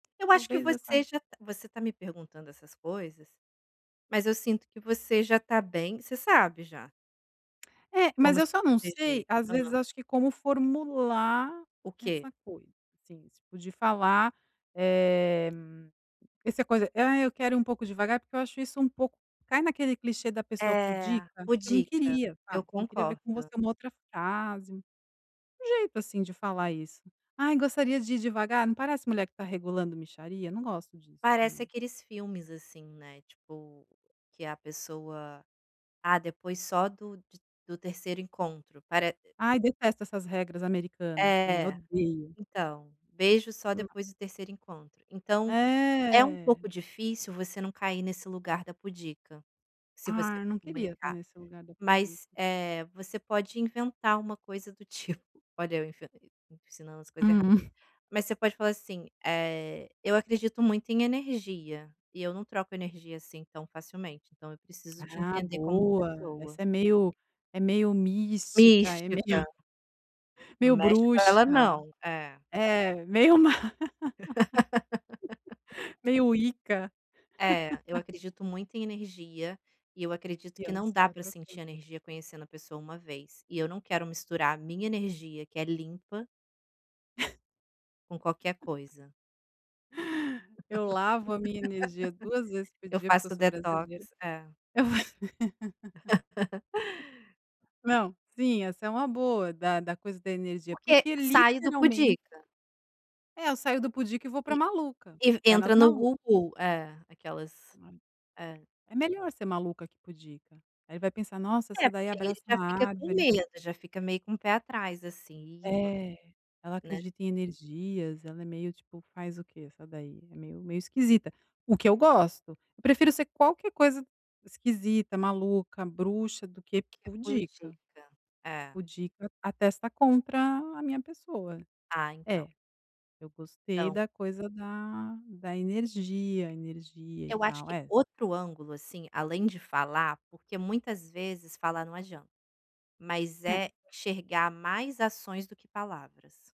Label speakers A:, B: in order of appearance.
A: Eu acho que
B: Talvez essa
A: você já tá você tá me perguntando essas coisas, mas eu sinto que você já tá bem, você sabe já
B: É, mas
A: como se
B: eu só não sei,
A: proteger.
B: às vezes
A: Hã.
B: acho que como formular
A: O quê?
B: essa coisa, assim, tipo de falar, eh, essa coisa: "Ah, eu quero ir um pouco devagar", porque eu acho isso um pouco cai naquele clichê da pessoa
A: É,
B: pudica. Eu não
A: pudica,
B: queria,
A: eu
B: sabe, eu queria ver com você
A: concordo.
B: uma outra frase, um jeito, assim, de falar isso. "Ai, gostaria de ir devagar", não parece mulher que tá regulando mixaria? Não gosto disso
A: Parece
B: também.
A: aqueles filmes, assim, né, tipo, que a pessoa: "Ah, depois só do de do 3º encontro", pare
B: Ai, detesto essas regras americanas também,
A: É.
B: odeio.
A: Então, "Beijo só
B: Hum.
A: depois do 3º encontro". Então, é um
B: É.
A: pouco difícil você não cair nesse lugar da pudica, se você
B: Ah,
A: for
B: não queria estar
A: comunicar.
B: nesse lugar da
A: Mas,
B: pudica.
A: eh, você pode inventar uma coisa do tip olha eu enfian ensinando as coisa errada.
B: Hum.
A: Mas você pode falar assim: "Eh, eu acredito muito em energia, e eu não troco energia, assim, tão facilmente, então eu preciso te
B: Ah,
A: entender como
B: boa,
A: pessoa".
B: essa é meio é meio mística, é meio
A: Mística. Não
B: meio
A: mexe com ela
B: bruxa.
A: não. É.
B: É, meio má. Meio wicca.
A: É, eu acredito muito em energia, e eu acredito
B: E eu
A: que
B: não
A: não dá
B: saio
A: pra sentir
B: trocando.
A: energia conhecendo a pessoa 1 vez, e eu não quero misturar a minha energia, que é limpa com qualquer coisa.
B: Eu lavo a minha energia 2 vezes por
A: Eu
B: dia, porque eu
A: faço o
B: sou
A: detox,
B: brasileira.
A: é.
B: Não, sim essa é uma boa, da da coisa da energia,
A: Porque
B: porque
A: sai do
B: literalmente
A: pudica.
B: É, eu saio do pudica e vou para
A: E
B: maluca.
A: e
B: Pé
A: entra
B: nas
A: no
B: maluca.
A: [unintelligible] é, aquelas
B: [unintelligible]
A: é.
B: É melhor ser maluca que pudica. Aí vai pensar: "Nossa, essa
A: É,
B: daí
A: porque aí ele
B: abraça
A: já fica com
B: árvore".
A: medo, já fica meio com um pé atrás, assim, e [unintelligible]
B: É. "Ela
A: né.
B: acredita em energias, ela é meio, tipo, faz o quê essa daí? É meio meio esquisita", o que eu gosto. Eu prefiro ser qualquer coisa esquisita, maluca, bruxa, do
A: Do
B: que
A: que
B: pudica.
A: pudica. É.
B: Pudica atesta contra a minha pessoa.
A: Ah, então.
B: É, eu gostei
A: Então.
B: da coisa da da energia, energia, e
A: Eu acho
B: tal,
A: que
B: é
A: outro ângulo, assim, além de falar, porque muitas vezes, falar não adianta. Mas é
B: É.
A: enxergar mais ações do que palavras.